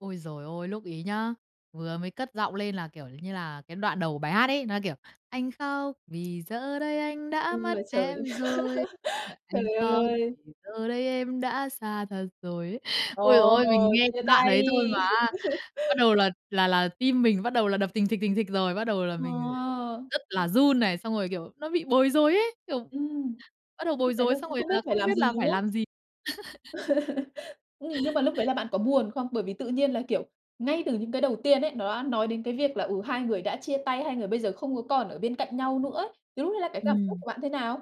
Ôi giời ôi, lúc ấy nhá, vừa mới cất giọng lên là, kiểu như là, cái đoạn đầu của bài hát ấy, nó, kiểu: "Anh khóc, vì giờ đây anh đã U mất là trời. em rồi." [unintelligible] "Anh Trời khóc, ơi! vì giờ đấy em đã xa thật rồi." ấy. Ôi giời Ồ, ơi, mình nghe chia cái đoạn tay. ấy thôi mà á, bắt đầu là là là tim mình bắt đầu là đập thình thịch, thình thịch rồi, bắt đầu là mình Wow! r rất là run này. Xong rồi, kiểu, nó bị bối rối ấy, kiểu, Ừm. bắt đầu bối Lúc đấy là rối xong cũng rồi không biết là phải không làm biết gì, là đúng phải không? làm gì. Nhưng nhưng mà lúc đấy là bạn có buồn không? Bởi vì tự nhiên là, kiểu, ngay từ những cái đầu tiên ấy, nó đã nói đến cái việc là, ừ, hai người đã chia tay, hai người bây giờ không có còn ở bên cạnh nhau nữa ấy. Thì lúc đấy là cái cảm xúc Ừm. của bạn thế nào?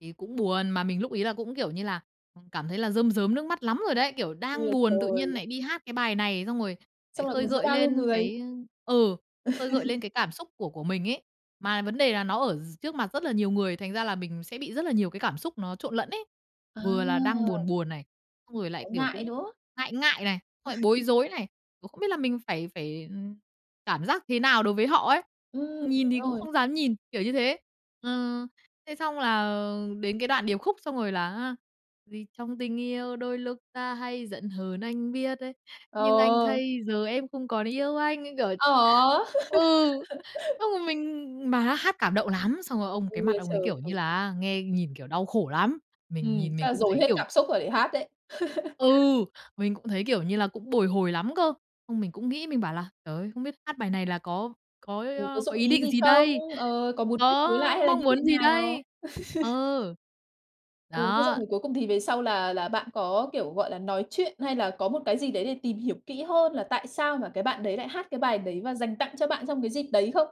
Thì cũng buồn, mà mình lúc ấy là cũng, kiểu như là, à, cảm thấy là rơm rớm nước mắt lắm rồi đấy! Kiểu, U đang là buồn tự nhiên trời. nại đi hát cái bài này, xong rồi lại Xong lại khơi còn giữa gợi bao nhiêu lên người. cái, ơ ừ, khơi gợi lên cái cảm xúc của của mình ấy. Mà vấn đề là nó ở d trước mặt rất là nhiều người, thành ra là mình sẽ bị rất là nhiều cái cảm xúc nó trộn lẫn ấy. À. Vừa là đang buồn buồn này, xong rồi lại, Thấy kiểu, ngại, cũng đúng không? ngại ngại này, xong lại bối rối này, cũng không biết là mình phải phải, ờ, cảm giác thế nào đối với họ ấy. Ừm, Nhìn đúng thì cũng rồi. không dám nhìn, kiểu như thế. Ờ, thế xong là đến cái đoạn điệp khúc xong rồi là á: "Vì trong tình yêu đôi lúc ta hay giận hờn, anh biết" ấy, "Nhưng anh Ờ. thấy giờ em không còn yêu anh." Như kiểu Ờ! ừ, xong rồi mình mà há hát cảm động lắm, xong rồi ông cái U mặt là ông trời. ấy, kiểu như Ừ. là, á, nghe nhìn, kiểu, đau khổ lắm. Mình Ừm, nhìn chắc mình là cũng dồn thấy, hết kiểu cảm xúc rồi để hát đấy. Ừ. Mình cũng thấy, kiểu như là, cũng bồi hồi lắm cơ. Xong mình cũng nghĩ, mình bảo là "Trời ơi, không biết hát bài này là có có ý, Ừ, có ơ, có dụng ý ý định gì gì không? đây? Ờ, có muốn kết nối lại Có hay là mong như thế muốn gì nào? đây?" Ờ. Ừ, thế xong Đó. rồi cuối cùng thì về sau là là bạn có, kiểu, gọi là, nói chuyện hay là có một cái gì đấy để tìm hiểu kỹ hơn là tại sao mà cái bạn đấy lại hát cái bài đấy, và dành tặng cho bạn trong cái dịp đấy không?